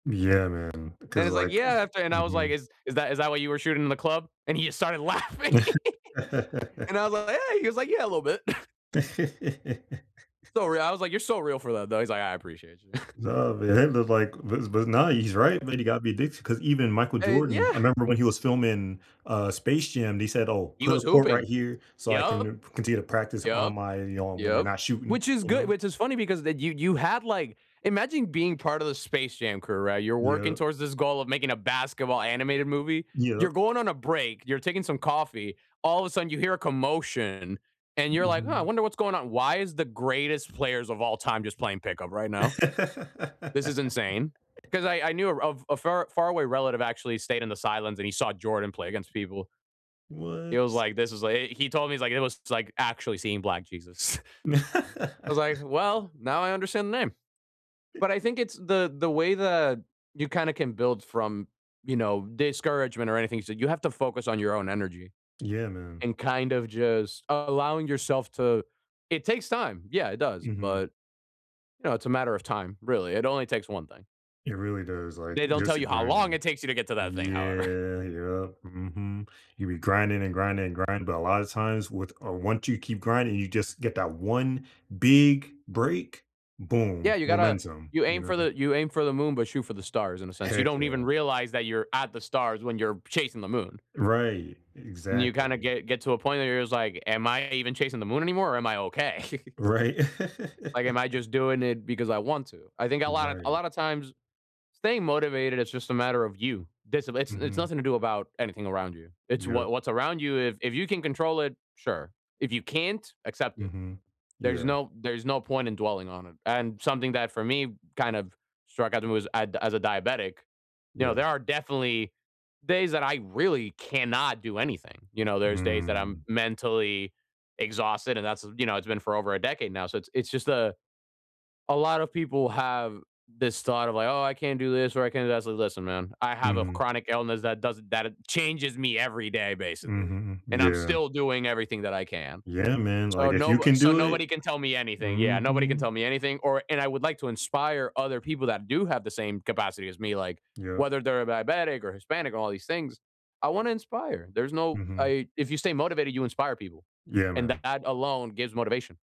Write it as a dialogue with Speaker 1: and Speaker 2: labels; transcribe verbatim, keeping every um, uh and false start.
Speaker 1: Yeah, man.
Speaker 2: And
Speaker 1: Because,
Speaker 2: he's like,
Speaker 1: like
Speaker 2: "Yeah," after and I was like,
Speaker 1: mhm.
Speaker 2: "Is is that is that what you were shooting in the club?" And he just started laughing. And I was like, "Yeah." He was like, "Yeah, a little bit." So real I was like, "You're so real for that, though." He's like, "I appreciate you."
Speaker 1: No, man, it looked like but but now he's right. But he got me addicted, 'cause even Michael
Speaker 2: And
Speaker 1: Jordan I
Speaker 2: yeah.
Speaker 1: remember when he was filming uh Space Jam, they said, "Oh,
Speaker 2: He
Speaker 1: put a
Speaker 2: was
Speaker 1: court right
Speaker 2: hooping.
Speaker 1: here so I
Speaker 2: Yep.
Speaker 1: can continue to practice on
Speaker 2: Yep.
Speaker 1: my you know, when we're
Speaker 2: Yep.
Speaker 1: not shooting,"
Speaker 2: Which is
Speaker 1: you
Speaker 2: good
Speaker 1: know?
Speaker 2: which is funny because that you you had, like imagine being part of the Space Jam crew, right? You're working
Speaker 1: Yeah.
Speaker 2: towards this goal of making a basketball animated movie.
Speaker 1: Yeah.
Speaker 2: You're going on a break, you're taking some coffee, all of a sudden, you hear a commotion. And you're like, "Oh, I
Speaker 1: Mhm.
Speaker 2: wonder what's going on. Why is the greatest players of all time just playing pickup right now? This is insane." 'Cause I I knew a a far far away relative actually stayed in the sidelines and he saw Jordan play against people. He
Speaker 1: What?
Speaker 2: was like, "This is like" he he told me, he's like, "It was like actually seeing Black Jesus." I was like, "Well, now I understand the name." But I think it's the the way that you kinda can build from, you know, discouragement or anything. So you have to focus on your own energy
Speaker 1: Yeah, man.
Speaker 2: and kind of just allowing yourself to it takes time. Yeah, it does.
Speaker 1: Mhm.
Speaker 2: But, you know, it's a matter of time, really. It only takes one thing.
Speaker 1: It really does, like,
Speaker 2: They don't tell
Speaker 1: just
Speaker 2: you how long it
Speaker 1: grinding.
Speaker 2: takes you to get to that thing, however.
Speaker 1: Yeah, yeah, mhm. You'll be grinding and grinding and grinding, but a lot of times with or once you keep grinding, you just get that one big break.
Speaker 2: Yeah,
Speaker 1: Boom.
Speaker 2: you gotta
Speaker 1: Momentum,
Speaker 2: you
Speaker 1: you
Speaker 2: aim for
Speaker 1: know?
Speaker 2: the you aim for the moon, but shoot for the stars in a sense. You
Speaker 1: Heck
Speaker 2: don't even
Speaker 1: yeah.
Speaker 2: realize that you're at the stars when you're chasing the moon.
Speaker 1: Right,
Speaker 2: And you kind of
Speaker 1: exactly.
Speaker 2: get get to a point where you're just like, "Am I even chasing the moon anymore or am I okay?"
Speaker 1: Right.
Speaker 2: "Like, am I just doing it because I want to?" I think a lot of a
Speaker 1: Right.
Speaker 2: lot of times staying motivated, it's just a matter of you. Discip it's it's
Speaker 1: Mhm.
Speaker 2: nothing to do about anything around you. It's wha
Speaker 1: Yep.
Speaker 2: what's around you if if you can control it, sure. If you can't, accept it.
Speaker 1: Mhm.
Speaker 2: There's
Speaker 1: Yeah.
Speaker 2: no there's no point in dwelling on it. And something that for me kind of struck I do as I the as a diabetic, you know,
Speaker 1: Yeah.
Speaker 2: there are definitely days that I really cannot do anything. You know, there's days that I'm
Speaker 1: Mm.
Speaker 2: mentally exhausted and that's, you know, it's been for over a decade now. So it's it's just a a lot of people have this thought of like, "Oh, I can't do this or I can't" listen listen, man, I have a
Speaker 1: Mhm.
Speaker 2: chronic illness that doesn't that changes me every day, basically.
Speaker 1: Mhm,
Speaker 2: And I'm
Speaker 1: yeah.
Speaker 2: still doing everything that I can.
Speaker 1: Yeah, man. Like,
Speaker 2: So
Speaker 1: if you
Speaker 2: no
Speaker 1: can
Speaker 2: so
Speaker 1: do
Speaker 2: nobody
Speaker 1: it
Speaker 2: can tell me anything. Yeah, nobody can
Speaker 1: mhm.
Speaker 2: tell me anything. Or and I would like to inspire other people that do have the same capacity as me, like,
Speaker 1: Yep.
Speaker 2: whether they're a diabetic or Hispanic or all these things. I want to inspire. There's no
Speaker 1: Mhm.
Speaker 2: I if you stay motivated, you inspire people.
Speaker 1: Yeah,
Speaker 2: And
Speaker 1: man.
Speaker 2: that alone gives motivation.